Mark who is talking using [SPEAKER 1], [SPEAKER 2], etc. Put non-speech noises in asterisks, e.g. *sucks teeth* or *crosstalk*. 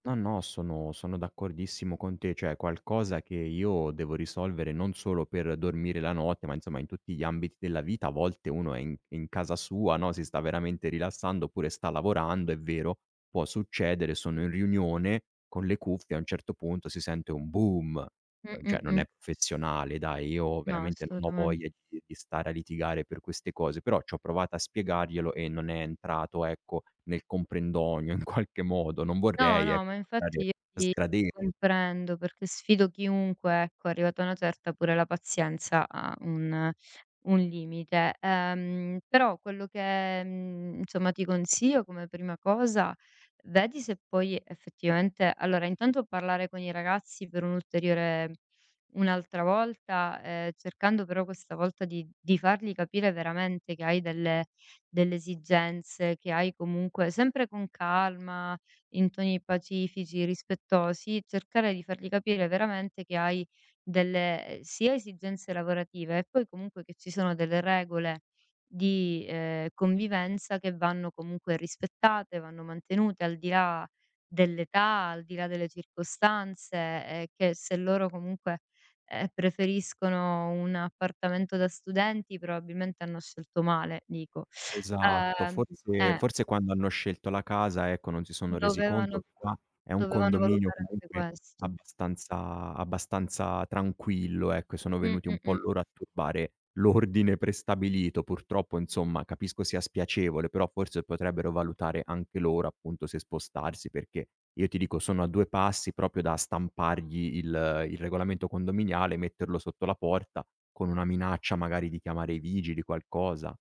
[SPEAKER 1] No, no, sono sono d'accordissimo con te, cioè è qualcosa che io devo risolvere, non solo per dormire la notte, ma insomma, in tutti gli ambiti della vita. A volte uno è in è in casa sua, no, si sta veramente rilassando oppure sta lavorando, è vero, può succedere, sono in riunione con le cuffie, a un certo punto si sente un "boom", uhm,
[SPEAKER 2] Mh-mh,
[SPEAKER 1] cioè non
[SPEAKER 2] mh.
[SPEAKER 1] è professionale, dai, io
[SPEAKER 2] No,
[SPEAKER 1] veramente non ho
[SPEAKER 2] assolutamen
[SPEAKER 1] voglia di di stare a litigare per queste cose, però c'ho provato a spiegarglielo e non è entrato, ecco, nel comprendonio in qualche modo. Non
[SPEAKER 2] No,
[SPEAKER 1] vorrei,
[SPEAKER 2] no,
[SPEAKER 1] ecco,
[SPEAKER 2] ma
[SPEAKER 1] sembrare
[SPEAKER 2] infatti i ti ti
[SPEAKER 1] sgrade
[SPEAKER 2] comprendo perché sfido chiunque, ecco, arrivata a una certa, pure la pazienza ha un un limite. Ehm, però quello che, mhmm, insomma, ti consiglio come prima cosa, vedi se puoi effettivamente allora intanto parlare con i ragazzi per un'ulteriore un'altra volta, ehm, cercando però questa volta di di fargli capire veramente che hai delle delle esigenze, che hai comunque sempre con calma, in toni pacifici, rispettosi, cercare di fargli capire veramente che hai delle, uhm, sia esigenze lavorative e poi comunque che ci sono delle regole di, uhm, convivenza che vanno comunque rispettate, vanno mantenute al di là dell'età, al di là delle circostanze e che se loro comunque, uhm, preferiscono un appartamento da studenti probabilmente hanno scelto male, dico. *sucks teeth*
[SPEAKER 1] Esatto,
[SPEAKER 2] Uhm,
[SPEAKER 1] forse
[SPEAKER 2] eh.
[SPEAKER 1] forse quando hanno scelto la casa, ecco, non si sono resi conto.
[SPEAKER 2] Dovevano
[SPEAKER 1] Qua è un
[SPEAKER 2] dovevano
[SPEAKER 1] condominio
[SPEAKER 2] valutare anche
[SPEAKER 1] comunque
[SPEAKER 2] questo.
[SPEAKER 1] abbastanza abbastanza tranquillo, ecco, sono
[SPEAKER 2] Mh-mh,
[SPEAKER 1] venuti un po'
[SPEAKER 2] mh.
[SPEAKER 1] loro a turbare l'ordine prestabilito. Purtroppo, insomma, capisco sia spiacevole, però forse potrebbero valutare anche loro, appunto, se spostarsi, perché io ti dico sono a 2 passi proprio da stampargli il il regolamento condominiale, metterlo sotto la porta, con una minaccia magari di chiamare i vigili, qualcosa.